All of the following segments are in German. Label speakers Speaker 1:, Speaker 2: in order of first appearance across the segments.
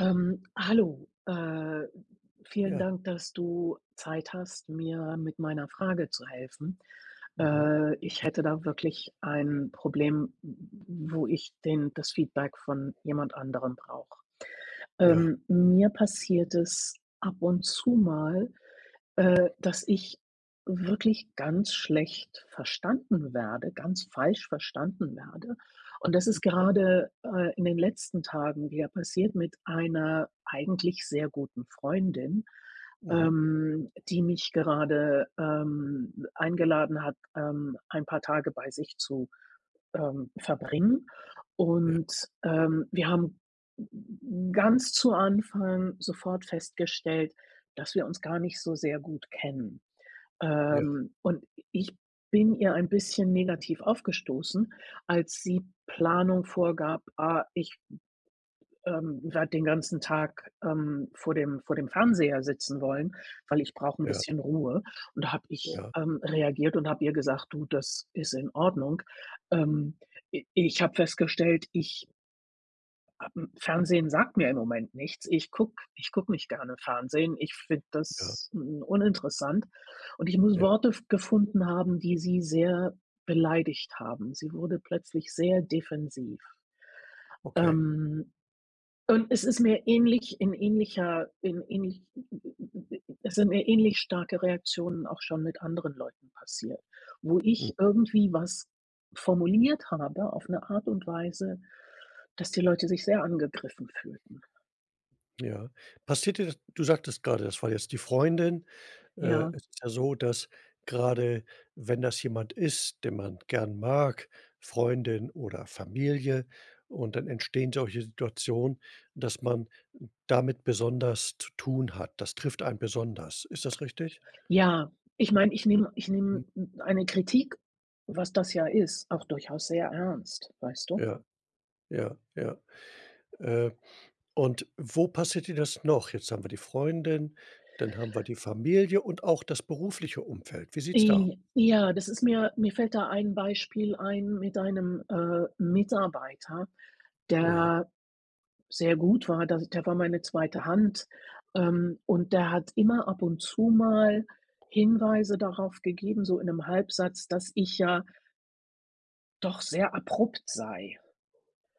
Speaker 1: Ähm, hallo, äh, vielen
Speaker 2: Ja.
Speaker 1: Dank, dass du Zeit hast, mir mit meiner Frage zu helfen.
Speaker 2: Mhm.
Speaker 1: Äh, ich hätte da wirklich ein Problem, w wo ich den das Feedback von jemand anderem brauche.
Speaker 2: Ja.
Speaker 1: Ähm, mir passiert es ab und zu mal, äh, dass ich wirklich ganz schlecht verstanden werde ganz falsch verstanden werde. Und das ist
Speaker 2: [unintelligible]
Speaker 1: gerade, äh, in den letzten Tagen wieder passiert mit einer eigentlich sehr guten Freundin,
Speaker 2: Mhm.
Speaker 1: ähm, die mich gerade, ähm, eingeladen hat, ähm, ein paar Tage bei sich zu, ähm, verbringen.
Speaker 2: Ja.
Speaker 1: Und, ähm, wir haben, hm, ganz zu Anfang sofort festgestellt, dass wir uns gar nicht so sehr gut kennen,
Speaker 2: Ja.
Speaker 1: ähm, und ich bin ihr ein bisschen negativ aufgestoßen, als sie Planung vorgab: „Äh, ich, hm, ähm, werde den ganzen Tag, ähm, vor dem vor dem Fernseher sitzen wollen, weil ich brauche 'n
Speaker 2: Ja.
Speaker 1: bisschen Ruhe” und da habe ich,
Speaker 2: Ja.
Speaker 1: ähm, reagiert und habe ihr gesagt: „Du, das ist in Ordnung.“ Ähm, i ich habe festgestellt, ich [unintelligible] Fernsehen sagt mir im Moment nichts. Ich gucke ich gucke nicht gerne Fernsehen, ich finde
Speaker 2: Ja.
Speaker 1: das, hm, uninteressant und ich muss
Speaker 2: Ja.
Speaker 1: Worte f gefunden haben, die sie sehr beleidigt haben. Sie wurde plötzlich sehr defensiv.
Speaker 2: Okay.
Speaker 1: Ähm, und es ist mir ähnlich in ähnlicher in ähnlich es sind mir ähnlich starke Reaktionen auch schon mit anderen Leuten passiert, wo
Speaker 2: Mhm.
Speaker 1: ich irgendwie was formuliert habe auf 'ne Art und Weise, dass die Leute sich sehr angegriffen fühlten.
Speaker 2: Ja, passiert dir das du sagtest grade, das war jetzt die Freundin. Äh,
Speaker 1: Ja.
Speaker 2: es ist ja so, dass grade wenn das jemand ist, den man gern mag, Freundin oder Familie und dann entstehen solche Situationen, dass man damit besonders zu tun hat. Das trifft einen besonders. Ist das richtig?
Speaker 1: Ja, ich meine, ich nehme ich
Speaker 2: Hm.
Speaker 1: nehme m eine Kritik, was das ja ist, auch durchaus sehr ernst, weißt du?
Speaker 2: Ja, ja, ja, äh, und wo passiert dir das noch? Jetzt haben wir die Freundin, dann haben wir die Familie und auch das berufliche Umfeld. Wie sieht's da?
Speaker 1: J ja, das ist mir mir fällt da ein Beispiel ein mit einem, äh, Mitarbeiter,
Speaker 2: Ja.
Speaker 1: der sehr gut war, da der war meine 2. Hand, ähm,
Speaker 2: Ja.
Speaker 1: und der hat immer ab und zu mal Hinweise darauf gegeben, so in 'nem Halbsatz, dass ich ja doch sehr abrupt sei.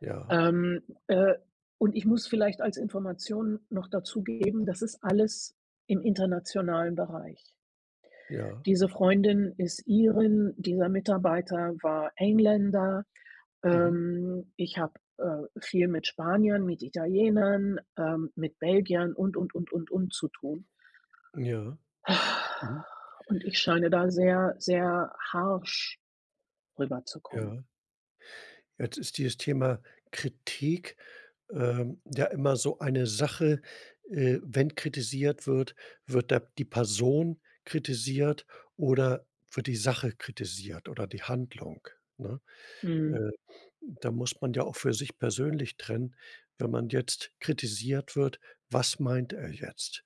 Speaker 2: Ja.
Speaker 1: Ähm, äh, und ich muss vielleicht als Information noch dazugeben, das ist alles im internationalen Bereich.
Speaker 2: Ja.
Speaker 1: Diese Freundin ist Irin, dieser Mitarbeiter war Engländer,
Speaker 2: Mhm.
Speaker 1: ähm, ich habe, äh, viel mit Spaniern, mit Italienern, ähm, mit Belgiern und und und und und zu tun.
Speaker 2: Ja. Mhm.
Speaker 1: Und ich scheine da sehr, sehr harsch, rüberzukommen.
Speaker 2: Ja. Jetzt ist dieses Thema Kritik, ähm, ja immer so eine Sache, äh, wenn kritisiert wird, wird der die Person kritisiert oder wird die Sache kritisiert oder die Handlung, ne? Äh,
Speaker 1: Mhm.
Speaker 2: da muss man ja auch für sich persönlich trennen, wenn man jetzt kritisiert wird, was meint er jetzt,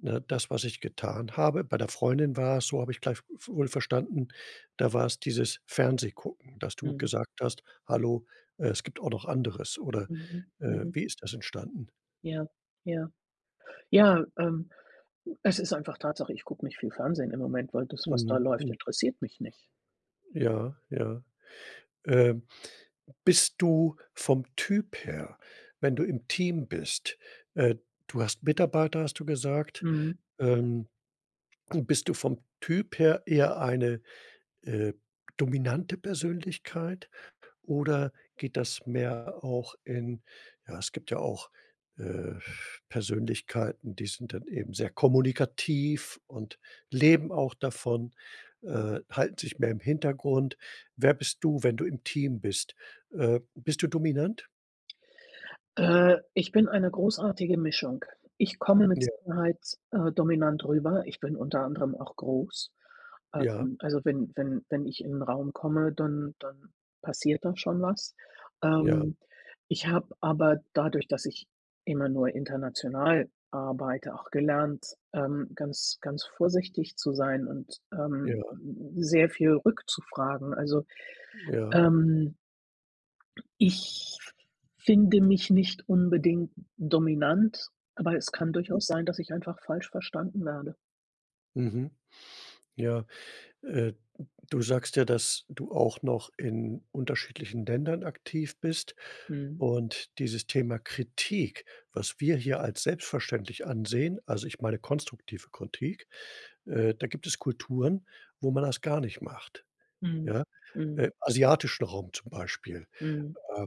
Speaker 2: ne? Das, was ich getan habe bei der Freundin war es so habe ich gleich w wohl verstanden, da war's dieses Fernsehgucken, dass du
Speaker 1: Mhm.
Speaker 2: gesagt hast: „Hallo, äh, es gibt auch noch anderes“ oder,
Speaker 1: Mhm,
Speaker 2: äh,
Speaker 1: mhm.
Speaker 2: wie ist das entstanden?
Speaker 1: Ja, ja. Ja, ähm, es ist einfach Tatsache, ich gucke nicht viel Fernsehen im Moment, weil das, was da
Speaker 2: Mhm,
Speaker 1: läuft,
Speaker 2: mhm.
Speaker 1: interessiert mich nicht.
Speaker 2: Ja, ja, äh, bist du vom Typ her, wenn du im Team bist äh, du hast Mitarbeiter, hast du gesagt.
Speaker 1: Mhm.
Speaker 2: Ähm, bist du vom Typ her eher eine, äh, dominante Persönlichkeit? Oder geht das mehr auch in ja, es gibt ja auch, äh, Persönlichkeiten, die sind dann eben sehr kommunikativ und leben auch davon, äh, halten sich mehr im Hintergrund. Wer bist du, wenn du im Team bist, äh, bist du dominant?
Speaker 1: Äh, ich bin eine großartige Mischung. Ich komme mit
Speaker 2: Ja.
Speaker 1: Sicherheit, äh, dominant rüber. Ich bin unter anderem auch groß.
Speaker 2: Ja.
Speaker 1: Ähm, also wenn wenn wenn ich in 'nen Raum komme, dann dann passiert da schon was.
Speaker 2: Ja.
Speaker 1: Ähm, ich habe aber dadurch, dass ich immer nur international arbeite, auch gelernt, ähm, ganz, ganz vorsichtig zu sein und, ähm,
Speaker 2: Ja.
Speaker 1: m m sehr viel rückzufragen, also,
Speaker 2: Ja.
Speaker 1: ähm ich f finde mich nicht unbedingt dominant, aber es kann durchaus sein, dass ich einfach falsch verstanden werde.
Speaker 2: Mhm, ja, äh, du sagst ja, dass du auch noch in unterschiedlichen Ländern aktiv bist.
Speaker 1: Mhm.
Speaker 2: Und dieses Thema Kritik, was wir hier als selbstverständlich ansehen, also, ich meine konstruktive Kritik, äh, da gibt es Kulturen, wo man das gar nicht macht,
Speaker 1: Mhm,
Speaker 2: ja?
Speaker 1: mhm.
Speaker 2: Äh, asiatischen Raum zum Beispiel,
Speaker 1: Mhm.
Speaker 2: ähm,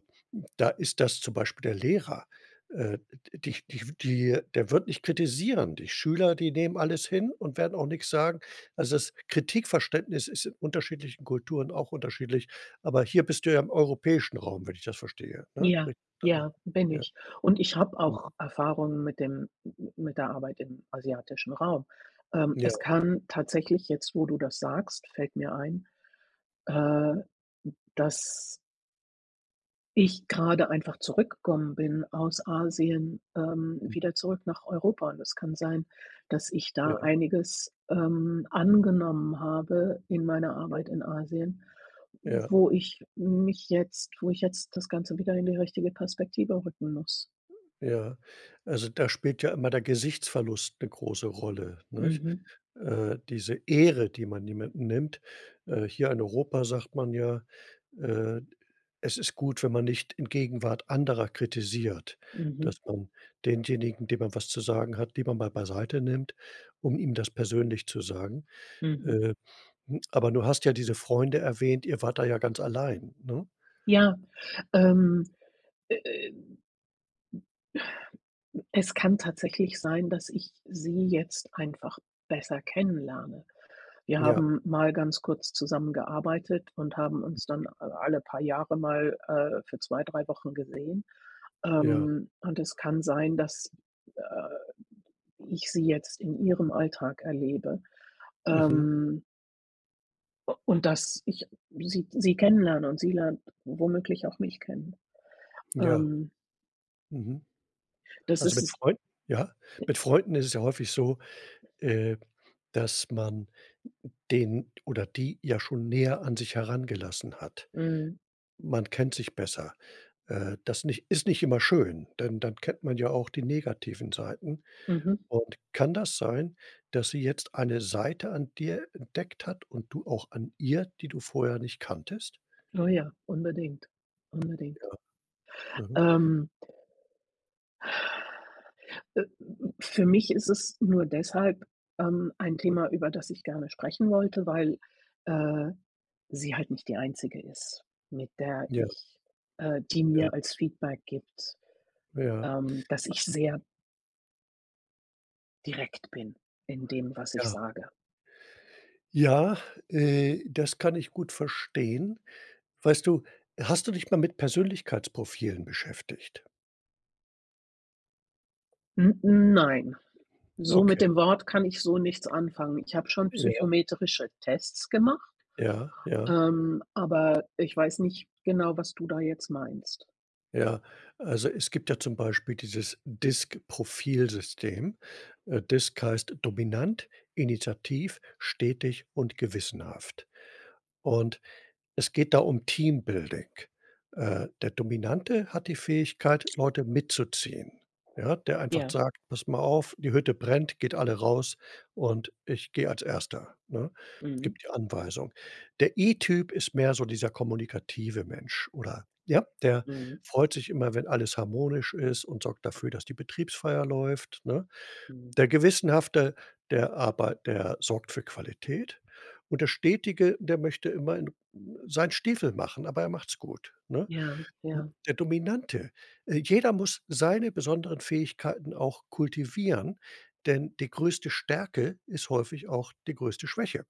Speaker 2: da ist das zum Beispiel der Lehrer, äh d dich dich die der wird nicht kritisieren. Die Schüler, die nehmen alles hin und werden auch nix sagen, also das Kritikverständnis ist in unterschiedlichen Kulturen auch unterschiedlich, aber hier bist du ja im europäischen Raum, wenn ich das verstehe, ne?
Speaker 1: Ja,
Speaker 2: [unintelligible]
Speaker 1: ja, bin
Speaker 2: ja.
Speaker 1: ich. Und ich habe auch
Speaker 2: Mhm.
Speaker 1: Erfahrung mit dem m m mit der Arbeit im asiatischen Raum, ähm,
Speaker 2: Ja.
Speaker 1: es kann tatsächlich jetzt, wo du das sagst, fällt mir ein, äh, dass ich grade einfach zurückgekommen bin aus Asien, ähm,
Speaker 2: Mhm.
Speaker 1: wieder zurück nach Europa. Und es kann sein, dass ich da
Speaker 2: Ja.
Speaker 1: einiges, ähm, angenommen habe in meiner
Speaker 2: Ja.
Speaker 1: Arbeit in Asien,
Speaker 2: Ja.
Speaker 1: wo ich mich jetzt wo ich jetzt das Ganze wieder in die richtige Perspektive rücken muss.
Speaker 2: Ja, also da spielt ja immer der Gesichtsverlust 'ne große Rolle, nicht?
Speaker 1: Mhm.
Speaker 2: Äh, diese Ehre, die man jemanden nimmt. Äh, hier in Europa sagt man ja, äh, es ist gut, wenn man nicht in Gegenwart anderer kritisiert, dass
Speaker 1: Mhm.
Speaker 2: man denjenigen, den man was zu sagen hat, lieber mal beiseite nimmt, um ihm das persönlich zu sagen.
Speaker 1: Mhm.
Speaker 2: Äh, hm, aber du hast ja diese Freunde erwähnt. Ihr wart da ja ganz allein, ne?
Speaker 1: Ja, ähm, äh, äh,. Es kann tatsächlich sein, dass ich sie jetzt einfach besser kennenlerne. Wir
Speaker 2: Ja.
Speaker 1: haben mal ganz kurz zusammengearbeitet und haben
Speaker 2: [unintelligible]
Speaker 1: uns dann alle paar Jahre mal, äh, für 2, 3 Wochen gesehen.
Speaker 2: Ja.
Speaker 1: Ähm, und es kann sein, dass äh, ich sie jetzt in ihrem Alltag erlebe,
Speaker 2: Mhm.
Speaker 1: ähm. U und dass ich sie sie kennenlerne und sie lernt womöglich auch mich kennen,
Speaker 2: Ja.
Speaker 1: ähm.
Speaker 2: Mhm.
Speaker 1: Das
Speaker 2: Also,
Speaker 1: ist
Speaker 2: mit
Speaker 1: es.
Speaker 2: Freunden Ja, mit Freunden ist es ja häufig so, äh, dass man den oder die ja schon näher an sich herangelassen hat.
Speaker 1: Mhm.
Speaker 2: Man kennt sich besser. Äh, das nicht ist nicht immer schön, denn dann kennt man ja auch die negativen Seiten.
Speaker 1: Mhm.
Speaker 2: Und kann das sein, dass sie jetzt eine Seite an dir entdeckt hat und du auch an ihr, die du vorher nicht kanntest?
Speaker 1: Oh ja, unbedingt. Unbedingt.
Speaker 2: Ja. Mhm.
Speaker 1: Ähm. Äh, für mich ist es nur deshalb, ähm, ein Thema, über das ich gerne sprechen wollte, weil, äh, sie halt nicht die einzige ist, mit der
Speaker 2: Ja.
Speaker 1: ich äh, die
Speaker 2: Ja.
Speaker 1: mir als Feedback gibt,
Speaker 2: Ja.
Speaker 1: ähm, dass ich sehr direkt bin, in dem, was ich
Speaker 2: Ja.
Speaker 1: sage.
Speaker 2: Ja, äh, das kann ich gut verstehen. Weißt du, hast du dich mal mit Persönlichkeitsprofilen beschäftigt?
Speaker 1: M-m, nein, so mit
Speaker 2: Okay.
Speaker 1: dem Wort kann ich so nichts anfangen. Ich habe schon
Speaker 2: Ja.
Speaker 1: psychometrische Tests gemacht,
Speaker 2: Ja, ja.
Speaker 1: ähm, aber ich weiß nicht genau, was du da jetzt meinst.
Speaker 2: Ja. Also, es gibt ja zum Beispiel dieses DISG-Profil-System. Äh, DISG heißt: dominant, initiativ, stetig und gewissenhaft. Und es geht da um Teambuilding. Äh, der Dominante hat die Fähigkeit, Leute mitzuziehen, ja? Der einfach
Speaker 1: Ja.
Speaker 2: sagt: „Passt mal auf, die Hütte brennt, geht alle raus und ich gehe als Erster“, ne?
Speaker 1: Mhm.
Speaker 2: Gibt die Anweisung. Der I-Typ ist mehr so dieser kommunikative Mensch, oder ja, der
Speaker 1: Mhm.
Speaker 2: freut sich immer, wenn alles harmonisch ist und sorgt dafür, dass die Betriebsfeier läuft, ne?
Speaker 1: Mhm.
Speaker 2: Der Gewissenhafte, der arbei der sorgt für Qualität und der Stetige, der möchte immer in äh, seinen Stiefel machen, aber er macht's gut, ne?
Speaker 1: Ja,
Speaker 2: M
Speaker 1: ja.
Speaker 2: der Dominante äh, jeder muss seine besonderen Fähigkeiten auch kultivieren, denn die größte Stärke ist häufig auch die größte Schwäche.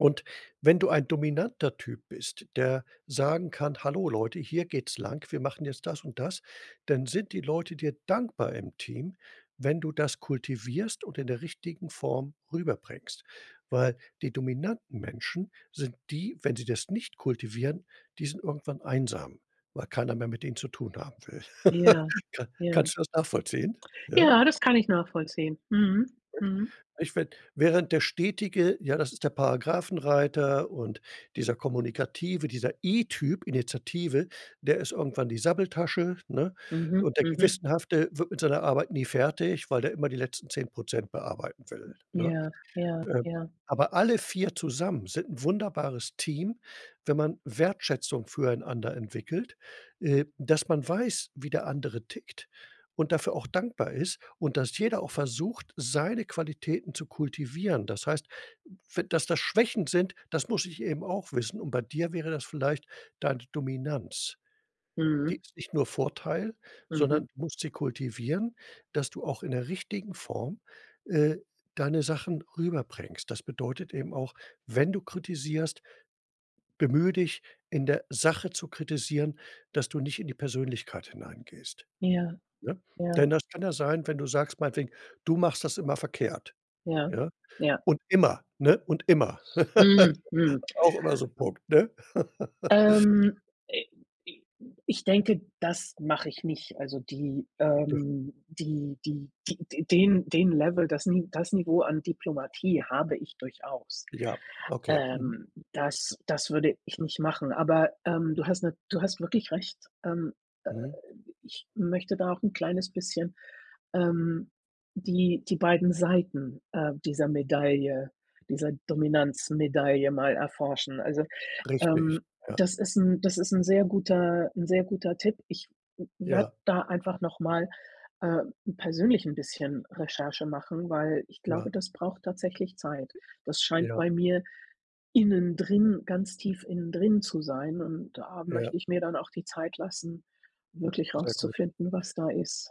Speaker 2: Und wenn du ein dominanter Typ bist, der sagen kann: „Hallo, Leute, hier geht's lang. Wir machen jetzt das und das.“ Dann sind die Leute dir dankbar im Team, wenn du das kultivierst und in der richtigen Form rüberbringst. Weil die dominanten Menschen sind die wenn sie das nicht kultivieren, die sind irgendwann einsam, weil keiner mehr mit ihnen zu tun haben will.
Speaker 1: Ja,
Speaker 2: Ka
Speaker 1: ja.
Speaker 2: kannst du das nachvollziehen? Ja?
Speaker 1: Ja, das kann ich nachvollziehen. Mhm.
Speaker 2: [unintelligible]
Speaker 1: Mhm.
Speaker 2: Ich finde während der Stetige, ja, das ist der Paragraphenreiter. Und dieser Kommunikative, dieser I-Typ, Initiative, der ist irgendwann die Sabbeltasche, ne?
Speaker 1: Mhm.
Speaker 2: Und der
Speaker 1: Mhm.
Speaker 2: Gewissenhafte wird mit seiner Arbeit nie fertig, weil der immer die letzten 10 % bearbeiten will, ne?
Speaker 1: Ja, ja,
Speaker 2: Ähm,
Speaker 1: ja.
Speaker 2: aber alle 4 zusammen sind 'n wunderbares Team, wenn man Wertschätzung füreinander entwickelt, äh, dass man weiß, wie der andere tickt und dafür auch dankbar ist, und dass jeder auch versucht, seine Qualitäten zu kultivieren. Das heißt, we dass das Schwächen sind, das muss ich eben auch wissen. Und bei dir wäre das vielleicht deine Dominanz. Die
Speaker 1: Mhm.
Speaker 2: ist nicht nur Vorteil,
Speaker 1: Mhm.
Speaker 2: sondern du musst sie kultivieren, dass du auch in 'ner richtigen Form, äh, deine Sachen rüberbringst. Das bedeutet eben auch, wenn du kritisierst, bemühe dich in der Sache zu kritisieren, dass du nicht in die Persönlichkeit hineingehst,
Speaker 1: Ja,
Speaker 2: ne?
Speaker 1: ja.
Speaker 2: Denn das kann ja sein, wenn du sagst, meinetwegen: „Du machst das immer verkehrt“
Speaker 1: Ja,
Speaker 2: ja?
Speaker 1: ja.
Speaker 2: Und immer, ne? Und immer.
Speaker 1: Mhm, mhm.
Speaker 2: Auch immer so 'n Punkt, ne?
Speaker 1: Ähm, äh, i ich denke, das mache ich nicht. Also die,
Speaker 2: Ja.
Speaker 1: ähm, die die die den den Level das Ni das Niveau an Diplomatie habe ich durchaus.
Speaker 2: Ja, okay. Mhm.
Speaker 1: Ähm, das das würde ich nicht machen. Aber, ähm, du hast na du hast wirklich recht, ähm, äh,
Speaker 2: Mhm.
Speaker 1: ich möchte da auch 'n kleines bisschen, ähm, die die beiden Seiten, äh, dieser Medaille dieser Dominanzmedaille mal erforschen. Also,
Speaker 2: Richtig,
Speaker 1: ähm,
Speaker 2: ja.
Speaker 1: das ist 'n das ist 'n sehr guter 'n sehr guter Tipp. Ich w werde
Speaker 2: Ja.
Speaker 1: da einfach nochmal, äh, persönlich 'n bisschen Recherche machen, weil ich glaube,
Speaker 2: Ja.
Speaker 1: das braucht tatsächlich Zeit. Das scheint
Speaker 2: Ja.
Speaker 1: bei mir innendrin ganz tief innendrin zu sein, und da
Speaker 2: Ja.
Speaker 1: möchte ich mir dann auch die Zeit lassen, wirklich
Speaker 2: Sehr gut.
Speaker 1: rauszufinden, was da ist.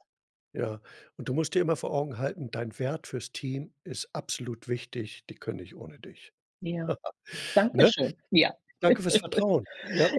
Speaker 2: Ja. Und du musst dir immer vor Augen halten, dein Wert fürs Team ist absolut wichtig. Die können nicht ohne dich.
Speaker 1: Ja.
Speaker 2: Ne?
Speaker 1: Dankeschön. Ja.
Speaker 2: Danke fürs Vertrauen, ja.